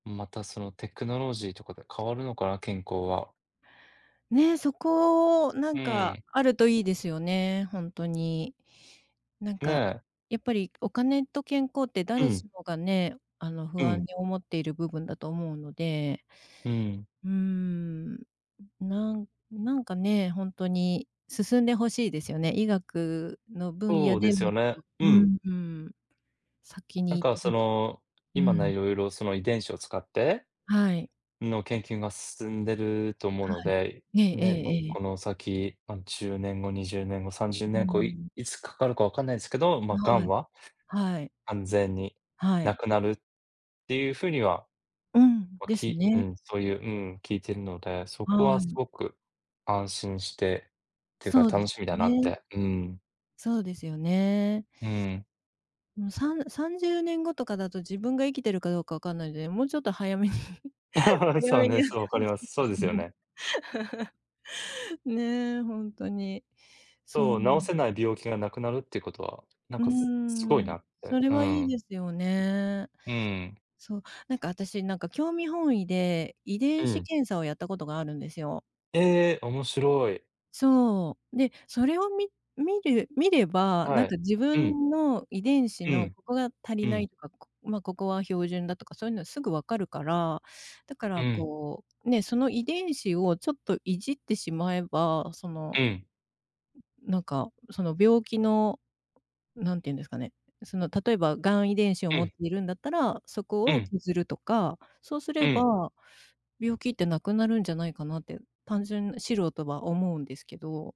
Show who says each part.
Speaker 1: また、そのテクノロジーとかが変わるのかな、健康は。
Speaker 2: ね、そこ、な
Speaker 1: う
Speaker 2: ん
Speaker 1: ー
Speaker 2: か、
Speaker 1: ん。
Speaker 2: あるといいですよね、ほんとに。なん
Speaker 1: ね
Speaker 2: か、
Speaker 1: え。
Speaker 2: やっぱり、お金と健康って
Speaker 1: う
Speaker 2: 誰
Speaker 1: ん。
Speaker 2: しもがね、あの、
Speaker 1: う
Speaker 2: 不安
Speaker 1: ん。
Speaker 2: に思っている部分だと思うので。
Speaker 1: うーん。
Speaker 2: うーん。なんなんかね、ほんとに進んで欲しいですよね、医学の分野
Speaker 1: そうで
Speaker 2: で
Speaker 1: す
Speaker 2: も
Speaker 1: よ
Speaker 2: っ
Speaker 1: ね。
Speaker 2: と、
Speaker 1: う
Speaker 2: う
Speaker 1: ん。
Speaker 2: んうん。先に
Speaker 1: なん
Speaker 2: 行っ
Speaker 1: か、
Speaker 2: て
Speaker 1: そ
Speaker 2: 欲し
Speaker 1: の、
Speaker 2: う
Speaker 1: 今
Speaker 2: ん。
Speaker 1: ね、色々その遺伝子を使って
Speaker 2: はい。
Speaker 1: の研究が進んでると思う
Speaker 2: は
Speaker 1: の
Speaker 2: い。
Speaker 1: で、
Speaker 2: えええ
Speaker 1: ね、ま、
Speaker 2: えええ。
Speaker 1: この先、ま、10年後、20年後、さんじゅう
Speaker 2: うー
Speaker 1: ねんご、い
Speaker 2: ん。
Speaker 1: いつかかるか分かんないんすけど、ま
Speaker 2: ん、
Speaker 1: あ、
Speaker 2: は
Speaker 1: 癌
Speaker 2: い。
Speaker 1: は、
Speaker 2: はい。
Speaker 1: 完全に
Speaker 2: は
Speaker 1: 無
Speaker 2: い。
Speaker 1: くなるって言うふうには、
Speaker 2: うん、
Speaker 1: ま、
Speaker 2: です
Speaker 1: きう
Speaker 2: ね。
Speaker 1: ん、そういう、うん、聞いてるので、そこ
Speaker 2: は
Speaker 1: は
Speaker 2: い。
Speaker 1: 凄く安心して、って言うか
Speaker 2: そうで
Speaker 1: 楽
Speaker 2: す
Speaker 1: しみだ
Speaker 2: よ
Speaker 1: なっ
Speaker 2: ね。
Speaker 1: て、うーん。
Speaker 2: そうですよね。
Speaker 1: うーん。
Speaker 2: もう3-30年後とかだと自分が生きてるかどうか分かんないので、もうちょっと早めに 早
Speaker 1: そう
Speaker 2: めに
Speaker 1: ね、
Speaker 2: やって
Speaker 1: そう、分か
Speaker 2: 欲
Speaker 1: り
Speaker 2: し
Speaker 1: ま
Speaker 2: い
Speaker 1: す。
Speaker 2: で
Speaker 1: そう
Speaker 2: す
Speaker 1: ですよ
Speaker 2: ね。
Speaker 1: ね。
Speaker 2: ねえ、ほんとに。そう。
Speaker 1: そう、治せない病気が無くなるって事は、なん
Speaker 2: うー
Speaker 1: か、す凄い
Speaker 2: ん、
Speaker 1: なっ
Speaker 2: そ
Speaker 1: て。
Speaker 2: れ
Speaker 1: うー
Speaker 2: はいい
Speaker 1: ん。
Speaker 2: ですよね。
Speaker 1: うーん。
Speaker 2: そう、なんか、あたし、なんか、興味本位で遺
Speaker 1: う
Speaker 2: 伝子
Speaker 1: ん。
Speaker 2: 検査をやったことがあるんですよ。
Speaker 1: ええ、面白い。
Speaker 2: そう、で、それをみ見る見れば、な
Speaker 1: は
Speaker 2: ん
Speaker 1: い。
Speaker 2: か、自
Speaker 1: うん。
Speaker 2: 分の遺伝子
Speaker 1: う
Speaker 2: の
Speaker 1: ん、
Speaker 2: ここが足
Speaker 1: う
Speaker 2: りな
Speaker 1: ん。
Speaker 2: いとか、まあ、ここは標準だとか、そう言うのはすぐ分かるから、だか
Speaker 1: う
Speaker 2: ら、
Speaker 1: ん。
Speaker 2: こう、ね、その遺伝子をちょっといじってしまえば、その、
Speaker 1: うん。
Speaker 2: ん、なんか、その、病気の、なんて言うんですかね、その、例えば癌遺伝子を
Speaker 1: う
Speaker 2: 持っ
Speaker 1: ん。
Speaker 2: ているんだったら、そ
Speaker 1: う
Speaker 2: こを
Speaker 1: ん。
Speaker 2: 削るとか、そうす
Speaker 1: う
Speaker 2: れ
Speaker 1: ん。
Speaker 2: ば病気って無くなるんじゃないかなって、単純、素人は思うんですけど。